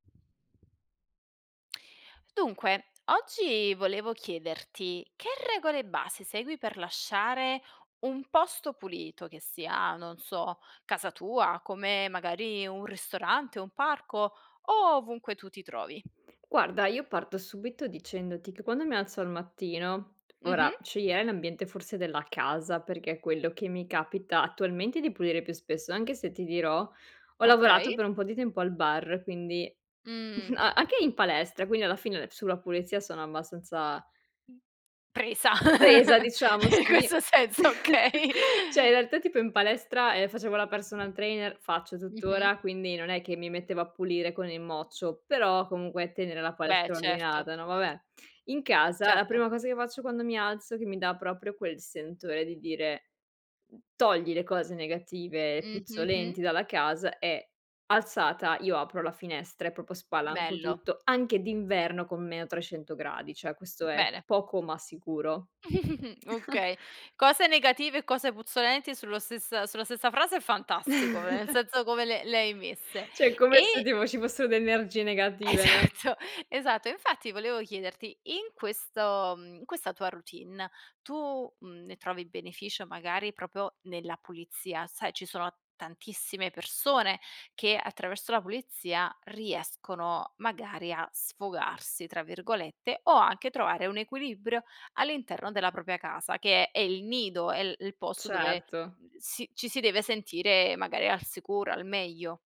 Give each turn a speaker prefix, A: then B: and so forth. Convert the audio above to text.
A: Dunque, oggi volevo chiederti che regole base segui per lasciare un posto pulito che sia, non so, casa tua, come magari un ristorante, un parco o ovunque tu ti trovi.
B: Guarda, io parto subito dicendoti che quando mi alzo al mattino
A: Mh-mh.
B: ora sceglierei l'ambiente forse della casa, perché è quello che mi capita attualmente di pulire più spesso, anche se ti dirò, ho lavorato
A: Okay.
B: per un po' di tempo al bar, quindi
A: Mhmm.
B: a anche in palestra, quindi alla fine sulla pulizia sono abbastanza
A: Presa
B: presa diciamo,
A: in
B: sì.
A: questo senso, okay.
B: Cioè in realtà tipo in palestra, ehm, facevo la personal trainer faccio
A: Mh-mh.
B: tuttora, quindi non è che mi mettevo a pulire con il mocio, però comunque tenere la
A: Beh,
B: palestra
A: certo.
B: ordinata, no, vabbè. In casa la
A: Certo.
B: prima cosa che faccio quando mi alzo, che mi dà proprio quel sentore di dire: "Togli le cose negative,
A: Mh-mh, mh.
B: puzzolenti dalla casa". E alzata io apro la finestra e proprio spalanco
A: Bello.
B: tutto, anche d'inverno con meno 300 gradi, cioè questo è
A: Bene.
B: poco ma sicuro.
A: Okay. Cose negative e cose puzzolenti sullo stessa sulla stessa frase è fantastico, vera nel senso come le le hai messe.
B: Cioè, come se
A: E
B: tipo ci fossero le energie negative, no?
A: esatto, esatto. Infatti volevo chiederti in questo mhmm, in questa tua routine tu, mhmm, ne trovi beneficio magari proprio, nella pulizia? Sai, ci sono tantissime persone che attraverso la pulizia riescono magari a "sfogarsi" tra virgolette o anche trovare un equilibrio all'interno della propria casa che è è il nido, è l il posto dove,
B: Certo.
A: uhm, si ci si deve sentire magari al sicuro, al meglio.